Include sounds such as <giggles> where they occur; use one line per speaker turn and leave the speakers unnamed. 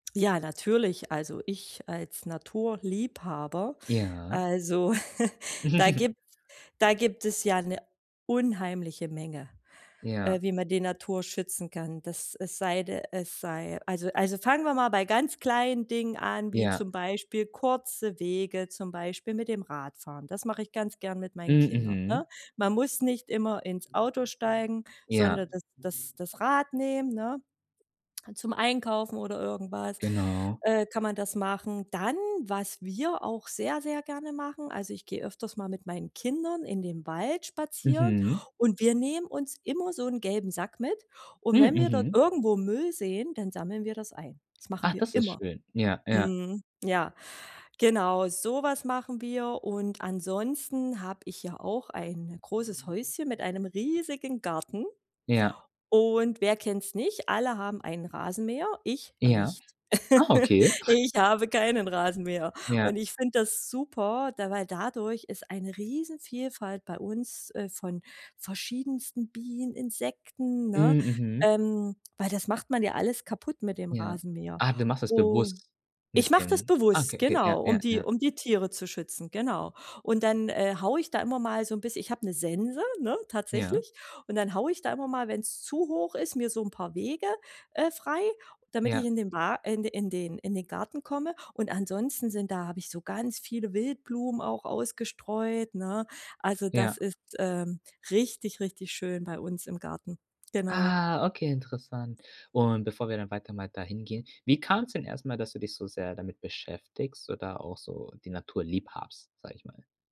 Ja, natürlich. Also, ich als Naturliebhaber,
Ja.
also <chuckles> da
<giggles>
gibt da gibt es ja 'ne unheimliche Menge, äh,
Ja.
wie man die Natur schützen kann, dass es sei d es sei also also fangen wir mal bei ganz kleinen Dingen an, wie,
Ja.
zum Beispiel, kurze Wege, zum Beispiel, mit dem Radfahren. Das mache ich ganz gern mit
Hm.
meinen Kindern,
Mhm.
ne? Man muss nicht immer ins Auto steigen,
Ja.
sondern das das das Rad nehmen, ne? Halt, zum Einkaufen oder irgendwas,
Genau.
äh, kann man das machen. Dann, was wir auch sehr, sehr gerne machen, also ich gehe öfters mal mit meinen Kindern in den Wald spazieren
Mhm.
und wir nehmen uns immer so 'nen gelben Sack mit. Und
Hm.
wenn wir dort
Mhm.
irgendwo Müll sehen, dann sammeln wir das ein. Das machen
Ach,
wir
das ist
immer.
schön. Ja, ja.
Mhm. Ja. Genau, so was machen wir. Und ansonsten habe ich ja auch ein großes Häuschen mit einem riesigen Garten.
Ja.
Und wer kennt's nicht? Alle haben einen Rasenmäher, ich
Ja.
nicht.
Ah,
<giggles>
okay.
Ich habe keinen Rasenmäher.
Ja.
Und ich finde das super, d weil dadurch ist eine Riesenvielfalt bei uns, äh, von verschiedensten Bienen, Insekten, ne?
Hm. Mhm.
Ähm, weil das macht man ja alles kaputt mit dem
Ja.
Rasenmäher.
Ah, du machst das
Und
bewusst
ich
mit
mach das
dem ah, okay,
bewusst,
okay, ja,
genau, um
ja,
die
ja.
um die Tiere zu schützen, genau. Und dann, äh, haue ich da immer mal so 'n biss ich habe 'ne Sense, ne,
Ja.
tatsächlich. Und dann haue ich da immer mal, wenn's zu hoch ist, mir so 'n paar Wege, äh, frei, damit ich
Ja.
in den Wa in den in den Garten komme. Und ansonsten sind da habe ich so ganz viele Wildblumen auch ausgestreut, ne? Also, das
Ja.
ist, ähm, richtig, richtig schön bei uns im Garten. Genau.
Ah, okay, interessant. Und bevor wir dann weiter mal dahin gehen, wie kam's denn erst mal, dass du dich so sehr damit beschäftigst oder auch so die Natur lieb hast, sage ich mal?